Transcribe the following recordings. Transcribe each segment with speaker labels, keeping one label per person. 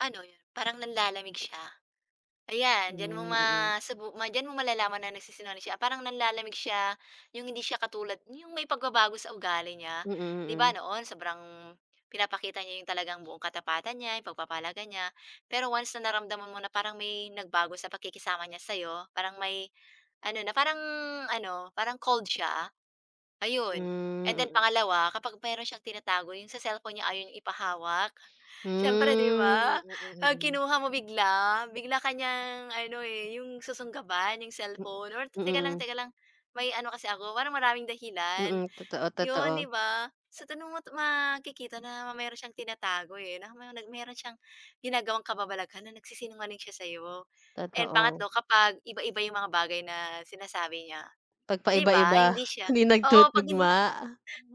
Speaker 1: Ano, parang nanlalamig siya? Ayan diyan mo
Speaker 2: Hmm, mm.
Speaker 1: masubu diyan mo malalaman na nagsisinungaling siya parang nanlalamig siya, 'yung hindi siya katulad 'yung may pagbabago sa ugali niya.
Speaker 2: Mm,
Speaker 1: Di ba,
Speaker 2: mm.
Speaker 1: noon, sobrang pinapakita niya 'yung talagang buong katapatan niya, 'yung pagpapahalaga niya. Pero once na naramdaman mo na parang may nagbago sa pagkikisama niya sa'yo, parang may ano na parang ano parang cold siya. Ayun and
Speaker 2: Hmm,
Speaker 1: then
Speaker 2: mm.
Speaker 1: pangalawa, kapag meron siyang tinatago 'yung sa cellphone niya ayaw niya ipahawak.
Speaker 2: Hmm,
Speaker 1: Siyempre, di ba,
Speaker 2: mm,
Speaker 1: 'pag
Speaker 2: mm.
Speaker 1: kinuha mo bigla, bigla ka niyang ano, eh, 'yung susunggaban 'yung
Speaker 2: M
Speaker 1: cellphone or teka lang
Speaker 2: mm.
Speaker 1: teka lang may ano kasi ako, parang maraming dahilan.
Speaker 2: Mm. Totoo,
Speaker 1: 'Yun, di
Speaker 2: totoo.
Speaker 1: ba? So tanong mo 'to makikita na meron siyang tinatago, eh, na may meron siyang ginagawang kababalaghan na nagsisinungaling siya sa'yo. And
Speaker 2: Totoo.
Speaker 1: pangatlo kapag iba-iba 'yung mga bagay na sinasabi niya, di ba?
Speaker 2: Pagpaiba-iba.
Speaker 1: Hindi siya
Speaker 2: Hindi
Speaker 1: oo, 'pag hindi
Speaker 2: nagtutugma,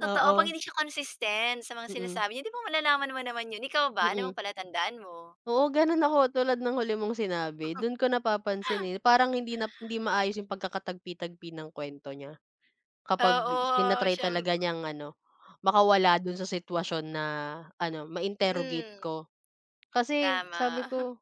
Speaker 1: totoo, pag
Speaker 2: oo.
Speaker 1: hindi siya consistent sa mga
Speaker 2: Mm.
Speaker 1: sinasabi niya di ba, malalaman mo naman 'yun. Ikaw ba ano
Speaker 2: Mm.
Speaker 1: palatandaan mo?
Speaker 2: Oo, gano'n ako tulad ng huli mong sinabi. Do'n ko napapansinin, eh, parang hindi na hindi maayos 'yung pagkakatagpi-tagpi ng kuwento niya. Kapag
Speaker 1: Oo,
Speaker 2: tina-try
Speaker 1: siyemp
Speaker 2: talaga niyang ano makawala do'n sa sitwasyon na ano ma-interrogate
Speaker 1: Mm.
Speaker 2: ko. Kasi sabi
Speaker 1: Tama.
Speaker 2: ko,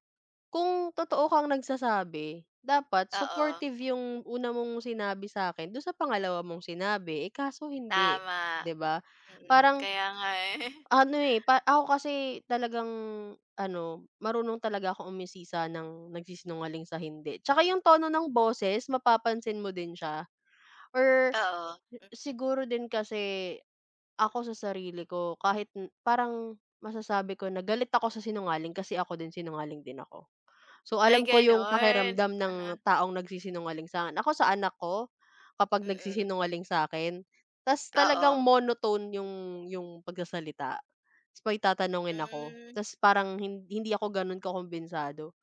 Speaker 2: kung totoo kang nagsasabi dapat
Speaker 1: Oo.
Speaker 2: supportive 'yung una mong sinabi sa'kin do'n sa pangalawa mong sinabi, eh, kaso hindi,
Speaker 1: Tama.
Speaker 2: di ba?
Speaker 1: Mm,
Speaker 2: Parang
Speaker 1: kaya nga, eh.
Speaker 2: ano, eh ako kasi talagang ano marunong talaga akong umusisa ng nagsisinungaling sa hindi, tsaka 'yung tono ng boses mapapansin mo din siya or
Speaker 1: Oo.
Speaker 2: si siguro din kasi, ako sa sarili ko kahit parang m masasabi ko na galit ako sa sinungaling kasi ako din sinungaling din ako. So
Speaker 1: Ay
Speaker 2: alam ko 'yung
Speaker 1: gano'n?
Speaker 2: pakiramdam ng
Speaker 1: Aha.
Speaker 2: taong nagsisinungaling sa'kin. Ako sa anak ko, kapag
Speaker 1: Mm.
Speaker 2: nagsisinungaling sa'kin tas talagang
Speaker 1: Oo.
Speaker 2: monotone 'yung 'yung pagsasalita. Tas may tatanungin ako
Speaker 1: Hmm.
Speaker 2: tas parang hin hindi ako gano'n kakumbensado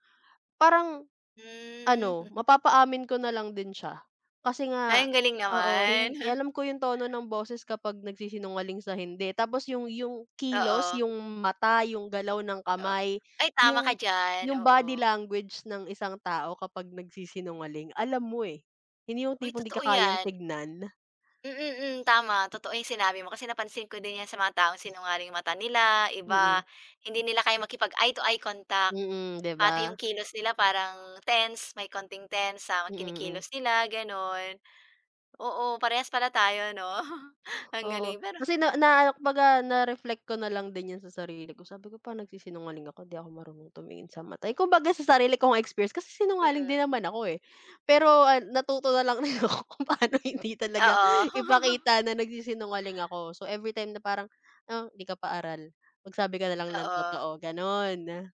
Speaker 2: parang
Speaker 1: Hmm.
Speaker 2: ano mapapaamin ko na lang din siya kasi
Speaker 1: Ay
Speaker 2: nga,
Speaker 1: ang galing
Speaker 2: oo.
Speaker 1: naman.
Speaker 2: Hin alam ko 'yung tono ng boses kapag nagsisinungaling sa hindi tapos 'yung 'yung kilos
Speaker 1: Oo.
Speaker 2: 'yung mata, 'yung galaw ng
Speaker 1: Oh,
Speaker 2: kamay,
Speaker 1: ay tama ka
Speaker 2: 'yung
Speaker 1: diyan,
Speaker 2: 'yung body
Speaker 1: oo.
Speaker 2: language ng isang tao kapag nagsisinungaling alam mo, eh. Hindi 'yung
Speaker 1: Uy,
Speaker 2: tipong di ka
Speaker 1: totoo
Speaker 2: kayang
Speaker 1: 'yan.
Speaker 2: tingnan.
Speaker 1: Mm, mm, tama. Totoo 'yung sinabi mo kasi napansin ko din 'yan sa mga taong sinungaling 'yung mata nila,
Speaker 2: Mm.
Speaker 1: iba, hindi nila kayang makipag-eye to eye contact.
Speaker 2: Mm, di
Speaker 1: Pati 'yung
Speaker 2: ba?
Speaker 1: kilos nila parang tense, may konting tense sa
Speaker 2: Mm, mm.
Speaker 1: kinikilos nila, gano'n. Oo, parehas pala tayo, 'no? Ang
Speaker 2: Oo,
Speaker 1: galing pero
Speaker 2: kasi na na kumbaga na-reflect ko na lang din 'yan sa sarili ko sabi ko pa nagsisinungaling ako di ako marunong tumingin sa mata. Kumbaga sa sarili ko nga experience kasi sinungaling
Speaker 1: Mm.
Speaker 2: din naman ako, eh, pero, ah, natuto na lang din ako kung paano hindi talaga
Speaker 1: Oo.
Speaker 2: ipakita na nagsisinungaling ako. So everytime na parang, ah, hindi ka pa aral, magsabi ka na lang ng
Speaker 1: Oo.
Speaker 2: totoo gano'n.